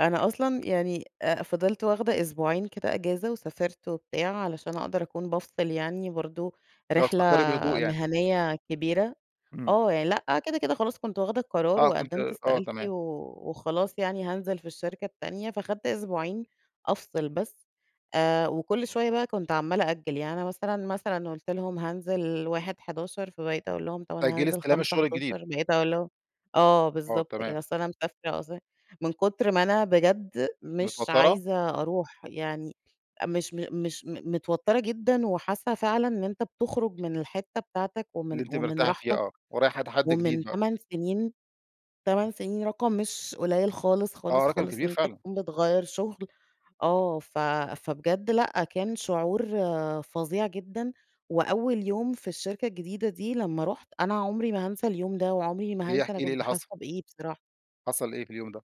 أنا أصلًا يعني آآ فضلت واخدة أسبوعين كده أجازة، وسافرت و بتاع، علشان أقدر أكون بافصل يعني برضه، اللي هو رحلة تفكري بهدوء يعني. مهنية كبيرة. إمم. آه، يعني لأ كده، كده خلاص كنت واخدة القرار آه، كنت وقدمت آه استقالتي تمام. و وخلاص يعني هانزل في الشركة التانية، فاخدت أسبوعين أفصل بس. آآ وكل شوية بقى كنت عَمّالة أأجل، يعني أنا مثلًا، مثلًا قُلت لهم: "هانزل 1/11" فباقيت أقول لهم: "أنا تأجلي هانزل إستلام خمسة الشغل الجديد. حداشر" بقيت أقول لهم آه، آه، بالضبط تمام. كده، بس أنا مسافرة أص من كتر ما أنا بجد مش متوترة؟ عايزة أروح يعني، مش مش متوترة جدًا، وحاسة فعلًا إن أنت بتخرج من الحتة بتاعتك، اللي ومن أنتِ ومن مرتاحة فيه، راحتك، آه، ورايحة تحدي ومن جديد بقى. تمان تمان سنين، رقم مش قليل خالص، آه، خالص، رقم خالص، كبير إن أنت فعلًا. تكون بتغيّر شغل، آه ف فبجد لأ، كان شعور فظيع جدًا، وأول يوم في الشركة الجديدة دي لمّا رُحت، أنا عمري ما هنسى اليوم ده، وعمري ما ليه، هنسى احكي أنا لي إيه كنت اللي حاسة حصل؟ بإيه بصراحة. حصل إيه في اليوم ده؟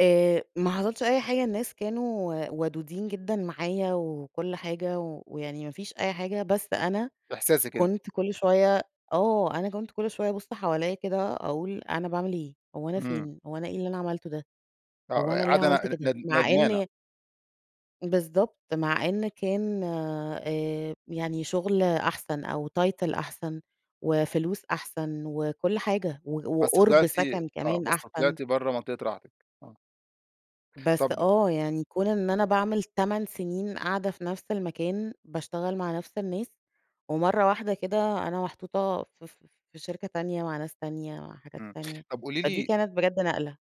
آآ ما حصلش أي حاجة، الناس كانوا ودودين جدًا معايا وكل حاجة، ويعني ما فيش أي حاجة، بس أنا إحساسِك أنتِ. كنت كل شوية آه، أنا كنت كل شوية بابُص حواليّا كده، أقول أنا باعمل إيه، هو أنا إمم. فين، هو أنا إيه اللي أنا عملته ده، آه، هو أنا أ ليه قاعدة عملت ن كده؟ ند ند مع ندمانة. إن بالضبط، مع إن كان، آآ يعني شغل أحسن أو title أحسن وفلوس أحسن وكل حاجة و بس وقُرب طلعتِ سكن آه كمان بس أحسن. طلعتِ برّه منطقة راحتِك، آه. بس طَب آه، يعني كون إن أنا باعمل 8 سنين قاعدة في نفس المكان، باشتغل مع نفس الناس، ومرة واحدة كده أنا محطوطة ف ف في شركة تانية، مع ناس تانية، مع حاجات إمم، تانية، طَب قولي فدي لي كانت بجد نقلة.